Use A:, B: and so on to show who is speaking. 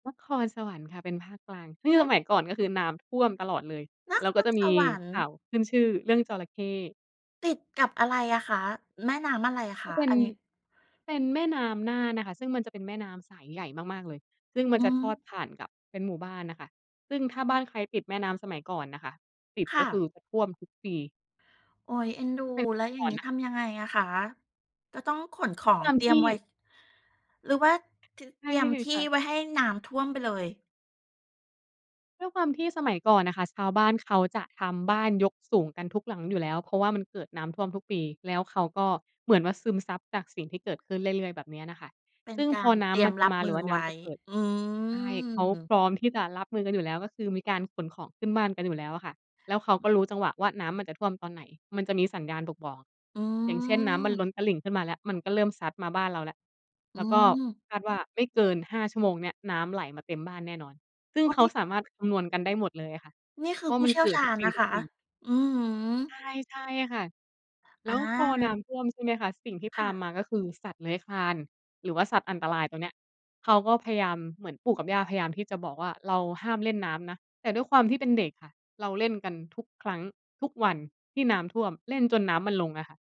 A: นครสวรรค์ค่ะ เป็นภาคกลาง ซื่
B: เ
A: ง
B: อ
A: ส
B: ๊ะ
A: มัยก่อนก็คือน้ำท่วมตลอดเลย
B: น
A: แล
B: ค
A: ้วก็
B: ร
A: จะ
B: ส
A: มี
B: วรรค
A: ข
B: ์
A: ่าวขึ้นชื่อเรื่องจระเข้
B: ติดกับอะไรอะคะ? แม่น้ำอะไรค
A: ก็
B: ะ?
A: เป็
B: อ
A: น
B: ันนี้
A: เป็นแม่น้ำน่านน่ะค่ะ ซึ่งมันจะเป็นแม่น้ำสายใหญ่มาก ๆ เลย ซึ่งม
B: อ
A: ัน
B: ื
A: จะทอด
B: ม
A: ผ่านกับ เป็นหมู่บ้านน่ะค่ะ ซึ่งถ้าบ้านใครติดแม่น้ำสมัยก่อนน่ะค่ะ ติด
B: ค
A: ก็
B: ่
A: คื
B: ะ
A: อท่วมทุกปี
B: โอ๊ย เอ็นดู
A: ถ้าเป็น
B: แล
A: แ
B: ้ว
A: ต่
B: อย่า
A: ก
B: ง
A: ่อน
B: นี้
A: น่ะ
B: ทำยังไงอะคะ? จะต้องขนข
A: ก
B: อ
A: ็ต
B: ง
A: าม
B: เตรี
A: ท
B: ยม
A: ี่
B: ไว้ หรือว่า ท
A: ใช
B: เต
A: ่
B: รียมที่
A: ค่ะ
B: ไว้ให้น้ำท่วมไปเลย?
A: ด้วยความที่สมัยก่อนน่ะค่ะ ส ชาวบ้านเขาจะทำบ้านยกสูงกันทุกหลังอยู่แล้ว เพราะว่ามันเกิดน้ำท่วมทุกปี แล้วเขาก็เหมือนว่า ซึมซับจากสิ่งที่เกิดขึ้นเรื่อย ๆ แบบเนี้ยน่ะค่ะ
B: เป็
A: ซ
B: น
A: ึ่ง
B: กา
A: พอ
B: ร
A: น
B: เ
A: ้
B: ตรี
A: ำ
B: ย
A: มั
B: ม
A: นจะ
B: รั
A: ม
B: บ
A: าห
B: มื
A: รือ
B: อ
A: ว่าน
B: ไ
A: ้
B: ว้
A: ำจะเกิด
B: อื
A: ใช่ เขา
B: ม
A: พร้อมที่จะรับมือกันอยู่แล้ว ก็คือมีการขนของขึ้นบ้านกันอยู่แล้วอะค่ะ แล้วเขาก็รู้จังหวะว่า น้ำมันจะท่วมตอนไหน มันจะมีสัญญาณบกบอก
B: อื
A: อย่างเช่น น้ำมันล้น
B: ม
A: ตลิ่งขึ้นมาแล้ว มันก็เริ่มซัดมาบ้านเราแล้ว
B: อ
A: แ
B: ื
A: ล้วก็
B: ม
A: คาดว่าไม่เกิน 5 ชั่วโมงเนี่ย น้ำไหลมาเต็มบ้านแน่นอน ซึ่
B: โ
A: ง
B: อ้
A: เข
B: น
A: า
B: ี่
A: สามารถคำนวณกันได้หมดเลยอะค่ะ
B: นี่ค
A: เ
B: ื
A: พร
B: อ
A: า
B: ผ
A: ะ
B: ู้
A: มัน
B: เชี่ย
A: เก
B: ว
A: ิ
B: ช
A: ด
B: า
A: ทุก
B: ญ
A: ป
B: นะคะ
A: ี ๆ
B: อือฮึ
A: ใช่ ๆ ค่ะ แล
B: อ
A: ้วพอน
B: า
A: ้ำท่วมใช่ไหมคะ สิ่งที่
B: ค
A: ต
B: ่
A: าม
B: ะ
A: มาก็คือสัตว์เลื้อยคลาน หรือว่าสัตว์อันตรายตรงเนี้ย เขาก็พยายาม เหมือนปู่กับย่าพยายามที่จะบอกว่า "เราห้ามเล่นน้ำนะ" แต่ด้วยความที่เป็นเด็กค่ะ เราเล่นกันทุกครั้ง ทุกวันที่น้ำท่วม เล่นจนน้ำมันลงอะค่ะ